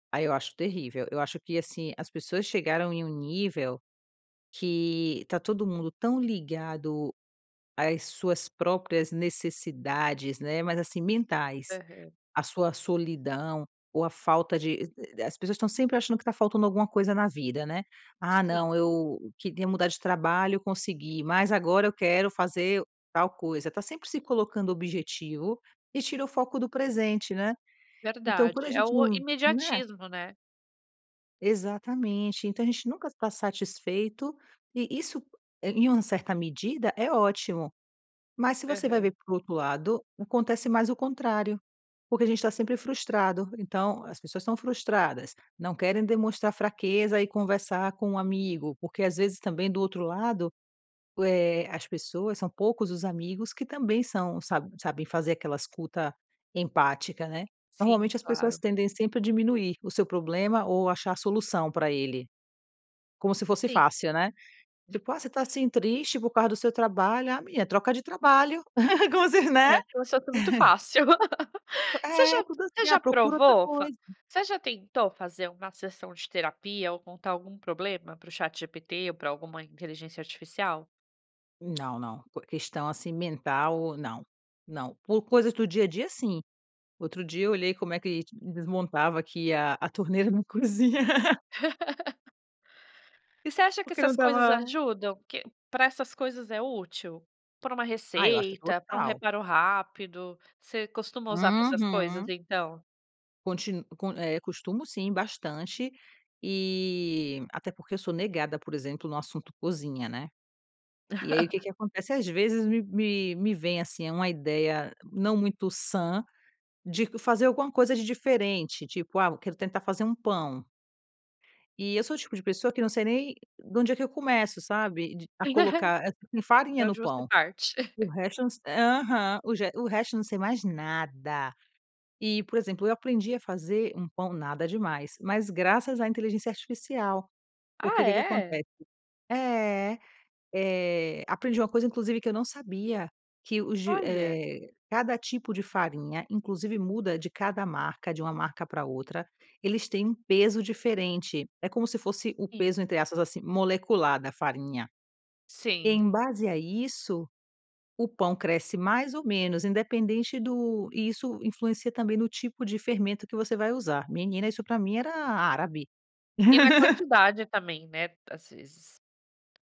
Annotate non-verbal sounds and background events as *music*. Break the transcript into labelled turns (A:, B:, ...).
A: Aí eu acho terrível, eu acho que assim, as pessoas chegaram em um nível que tá todo mundo tão ligado às suas próprias necessidades, né, mas assim mentais,
B: Aham.
A: a sua solidão, ou a falta de e as pessoas estão sempre achando que tá faltando alguma coisa na vida, né. "Ah não
B: Sim.
A: eu queria mudar de trabalho eu consegui mas agora eu quero fazer tal coisa", tá sempre se colocando objetivo, e tira o foco do presente, né. Então quando
B: Verdade,
A: a
B: é
A: gente
B: o
A: não né?
B: imediatismo, né.
A: Exatamente, então a gente nunca tá satisfeito, e isso em uma certa medida é ótimo. Mas se você vai
B: Aham.
A: ver por outro lado, acontece mais o contrário, porque a gente tá sempre frustrado, então as pessoas estão frustradas, não querem demonstrar fraqueza e conversar com um amigo, porque às vezes também do outro lado, eh, as pessoas são poucos os amigos que também são sa sabem fazer aquela escuta empática, né.
B: Sim,
A: Normalmente as pessoas
B: claro.
A: tendem sempre a diminuir o seu problema ou achar a solução para ele. Como se fosse
B: Sim.
A: fácil, né. Tipo: "Ah, você está assim triste por causa do seu trabalho, ah menina troca de trabalho", como se, né.
B: É, que o seu tá muito fácil. *laughs* Você
A: É
B: já
A: tudo
B: você
A: assim: "Ah
B: já
A: procura outra
B: provou,
A: coisa".
B: você já tentou fazer uma sessão de terapia ou contar algum problema para o ChatGPT ou para alguma inteligência artificial?
A: Não, não, por questão assim mental não, não, por coisas do dia a dia sim, outro dia eu olhei como é que desmontava aqui a a torneira na cozinha. *laughs*
B: *laughs* E você acha que
A: Porque não
B: essas coisas
A: estava
B: ajudam? Que para essas coisas é útil? Para uma
A: Ah, eu acho que é
B: receita, para um
A: total.
B: reparo rápido? Você costuma usar para essas coisas
A: Uhum.
B: então?
A: Contin eh, costumo sim bastante, e até porque eu sou negada, por exemplo, no assunto cozinha, né. E aí o que
B: *giggles*
A: que acontece às vezes me me me vem, assim, eh, uma ideia não muito sã, de fazer alguma coisa de diferente, tipo: "Ah, quero tentar fazer um pão". E eu sou o tipo de pessoa que não sei nem da onde é que eu começo, sabe, a
B: *giggles*
A: colocar
B: De
A: farinha no
B: onde você
A: pão.
B: parte?
A: O resto não aham, o resto não sei mais nada. E, por exemplo, eu aprendi a fazer um pão, nada demais, mas graças à inteligência artificial. Porque
B: Ah
A: o que que
B: é?
A: acontece é, eh, aprendi uma coisa inclusive que eu não sabia, que os de
B: Olha.
A: eh, cada tipo de farinha, inclusive muda de cada marca, de uma marca para outra. Eles têm um peso diferente, é como se fosse o
B: Sim.
A: peso, entre aspas, assim, molecular da farinha.
B: Sim.
A: Em base a isso, o pão cresce mais ou menos independente do e isso influencia também no tipo de fermento que você vai usar, menina isso para mim era árabe.
B: E na
A: *laughs*
B: quantidade também, né, às vezes.